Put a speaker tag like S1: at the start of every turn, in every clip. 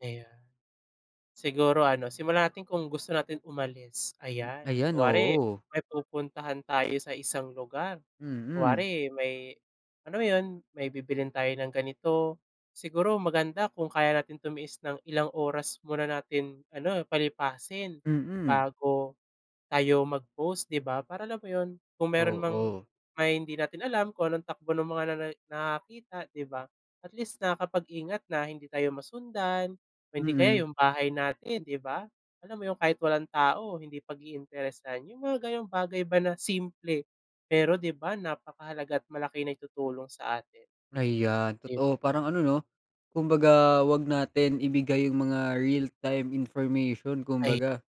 S1: Ayun siguro ano, simulan natin kung gusto nating umalis ayan.
S2: Ayan,
S1: Kunwari
S2: oo.
S1: may pupuntahan tayo sa isang lugar,
S2: Mm.
S1: kunwari may alam mo 'yun, may bibilhin tayo ng ganito, siguro maganda kung kaya natin tumiis ng ilang oras muna natin ano palipasin
S2: Mm.
S1: bago tayo mag-post di ba? Para alam mo 'yun, kung meron mang
S2: Oo.
S1: may hindi natin alam kung anong takbo ng mga nana nakakakita, di ba? At least nakakapag-ingat na hindi tayo masundan o hindi kaya
S2: Mm.
S1: 'yung bahay natin 'di ba, alam mo 'yung kahit walang tao hindi pag-iinteresan. 'Yung mga gano'ng bagay ba na simple, pero di ba napakahalaga at malaki naitutulong sa atin.
S2: Ayan
S1: 'Di ba?
S2: totoo parang ano 'no, kumbaga huwag natin ibigay 'yung mga realtime information
S1: Ay.
S2: kumbaga.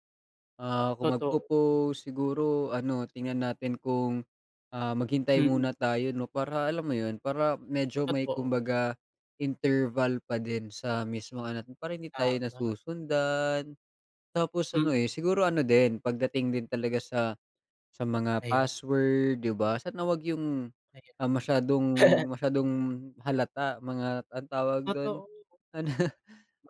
S2: Ah, kung
S1: Totoo.
S2: magpo-post, siguro ano tingnan natin kung, ah, maghintay
S1: Mm.
S2: muna tayo 'no, para alam mo 'yun, para medyo may
S1: Totoo.
S2: kumbaga interval pa din sa mismong ano, para hindi tayo
S1: Tama.
S2: nasusundan. Tapos ano, eh,
S1: Mm.
S2: siguro ano din pagdating din talaga sa sa mga
S1: Ayan.
S2: password di ba, sana huwag 'yung,
S1: Ayan.
S2: ah, masyadong masyadong halata, mga ano tawag do'n,
S1: Totoo.
S2: ano,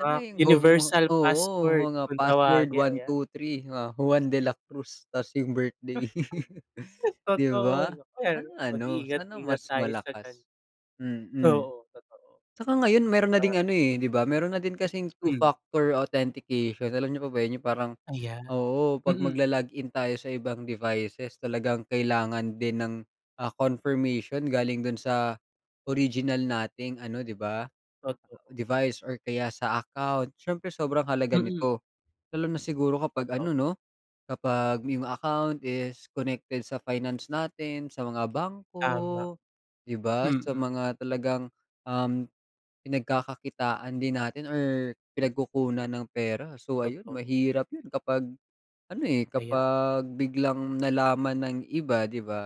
S2: ano
S1: Ah,
S2: 'yung go mo,
S1: universal
S2: oo,
S1: passport
S2: mga
S1: kung
S2: password
S1: tawagin
S2: one
S1: ayan.
S2: two three, mga Juan de la Cruz tas 'yung birthday. Di
S1: Totoo
S2: ba,
S1: yun. Ayan,
S2: sana ano sana
S1: mag-iingat-ingat
S2: mas
S1: tayo sa gan
S2: malakas, mm.
S1: Oo, totoo
S2: Tsaka ngayon meron na ding
S1: saka.
S2: ano, eh, di ba, meron na din kasing
S1: Hmm.
S2: two-factor authentication, alam niyo po ba 'yon parang
S1: Ayan,
S2: Oo 'pag
S1: mm.
S2: maglo-log-in tayo sa ibang devices talagang kailangan din ng, ah, confirmation galing do'n sa original nating ano di ba,
S1: Totoo.
S2: device or kaya sa account. Siyempre sobrang halaga
S1: Mm.
S2: nito, lalo na siguro kapag
S1: Toto
S2: ano 'no, kapag 'yong account is connected sa finance natin, sa mga
S1: Tama,
S2: bangko di ba. Sa
S1: mm.
S2: mga talagang, um, pinagkakakitaan din natin or pinagkukunan ng pera, so ayun
S1: Totoo.
S2: mahirap 'yun kapag ano, eh,
S1: Ayan.
S2: kapag biglang nalaman ng iba, di ba?